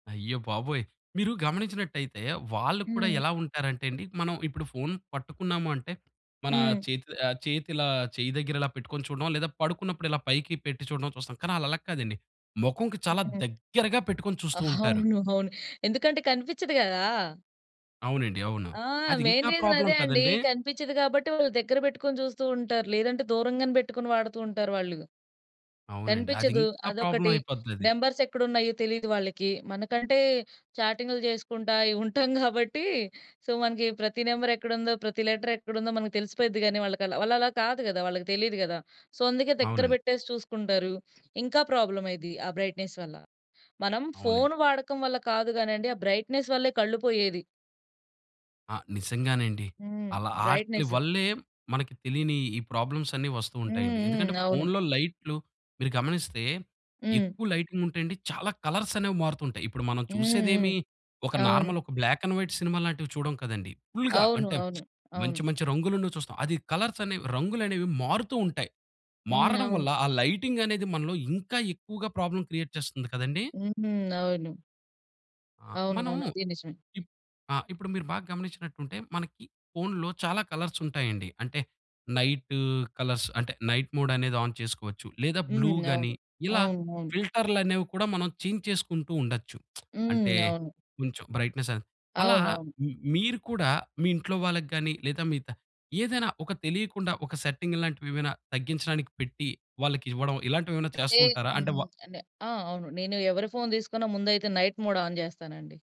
అయ్య బాబోయ్! మీరు గమనించినట్టయితే వాళ్ళు కూడా హ్మ్. ఎలా ఉంటారంటేండి. మనం ఇప్పుడు ఫోను పట్టుకున్నాము అంటే, మన హ్మ్. చేతి చేతిలా చెయ్యి దగ్గర ఇలా పెట్టుకొని చూడడం లేదా పడుకున్నప్పుడు ఇలా పైకి పెట్టి చూడడం చూస్తాం. కానీ ఆళ్ళలా కాదండి. మొఖంకి చాలా హ్మ్. దగ్గరగా పెట్టుకొని చూస్తూ ఉంటారు. అవును. అవును. ఎందుకంటే కనిపించదు గదా! అవునండి, అవును. ఆ! అది మెయిన్ ఇంకా రీజన్ అదే ప్రాబ్లమ్ అండి. కదండీ! కనిపించదు గాబట్టి వాళ్ళు దగ్గర పెట్టుకొని చూస్తూంటారు. లేదంటే దూరంగానే పెట్టుకొని వాడుతూంటారు వాళ్ళు. అవునండి. అది కనిపించదు. ఇంకా ప్రాబ్లమ్ అదొకటి అయిపోతదది. నంబర్స్ ఎక్కడ ఉన్నాయో తెలీదు వాళ్ళకి. మనకంటే చాటింగ్లు చేసుకుంటా ఉంటాం. కాబట్టి సో మనకి ప్రతి నెంబర్ ఎక్కడుందో, ప్రతి లెటర్ ఎక్కడుందో, మనకి తెలిసిపోయిద్ది కానీ వాళ్ళకలా వాళ్ళలా కాదు గదా, వాళ్ళకి తెలీదు గదా. సో అందుకే దగ్గర అవునండి. పెట్టేసి చూసుకుంటారు. ఇంకా ప్రాబ్లమ్ అయ్యిద్ది ఆ బ్రైట్‌నెస్ వల్ల. మనం అవునండి. ఫోను వాడకం వల్ల కాదు గానిండి, ఆ బ్రైట్‌నెస్ వల్లే కళ్ళు పోయేది. ఆ! నిజంగానండి. హ్మ్. అలా ఆట్లి బ్రైట్‌నెస్. వల్లే మనకు తెలీని ఈ ప్రాబ్లమ్స్ అన్నీ వస్తూ హ్మ్, ఉంటాయండి. ఎందుకంటే హ్మ్. అవును. ఫోనులో లైట్లు మీరు గమనిస్తే హ్మ్. ఎక్కువ లైటింగ్ ఉంటే అండి. చాలా కలర్స్ అనేవి మారుతూంటాయి. ఇప్పుడు మనం హ్మ్, హ్మ్. చూసేదేమి ఒక అవును. నార్మల్ ఒక బ్లాక్ అండ్ వైట్ సినిమా లాంటివి చూడం కదండీ. ఫుల్‌గా అవును. అంటే, అవును. అవును. మంచి మంచి రంగులున్నవి చూస్తాం. అది కలర్స్ అనేవి రంగులనేవి మారుతూ ఉంటాయి. హ్మ్, మారడం అవును. వల్ల ఆ లైటింగ్ అనేది మనలో ఇంకా ఎక్కువగా ప్రాబ్లమ్ క్రియేట్ చేస్తుంది కదండీ. హుహు. అవును. ఆ! మనం అవునవును. అది నిజమే. ఇప్ ఆ! ఇప్పుడు మీరు బాగా గమనించినట్టుంటే మనకి ఫోనులో చాలా కలర్స్ ఉంటాయండి. అంటే నైట్, కలర్స్ అంటే నైట్ మోడనేది ఆన్ చేసుకోవచ్చు. లేదా బ్లూ హ్మ్, గానీ అవును. ఇలా అవునవును. ఫిల్టర్లనేవి కూడా మనం చేంజ్ చేసుకుంటూ ఉండొచ్చు. అంటే హ్మ్, అవును. కొంచెం బ్రైట్‌నెస్ అది. అలా అవునవును. మీరు కూడా మీ ఇంట్లో వాళ్ళకి గానీ లేదా మీ ద ఏదైనా ఒక తెలీకుండా ఒక సెట్టింగ్ ఇలాంటివేమైనా తగ్గించడానికి పెట్టి వాళ్ళకివ్వడం ఇలాంటివేమైనా అంటే చేస్తుంటారా? అంటే వ హ్మ్, అంటే ఆ! అవును. నేనెవరి ఫోను తీసుకున్న ముందైతే నైట్ మోడ్ ఆన్ చేస్తానండి.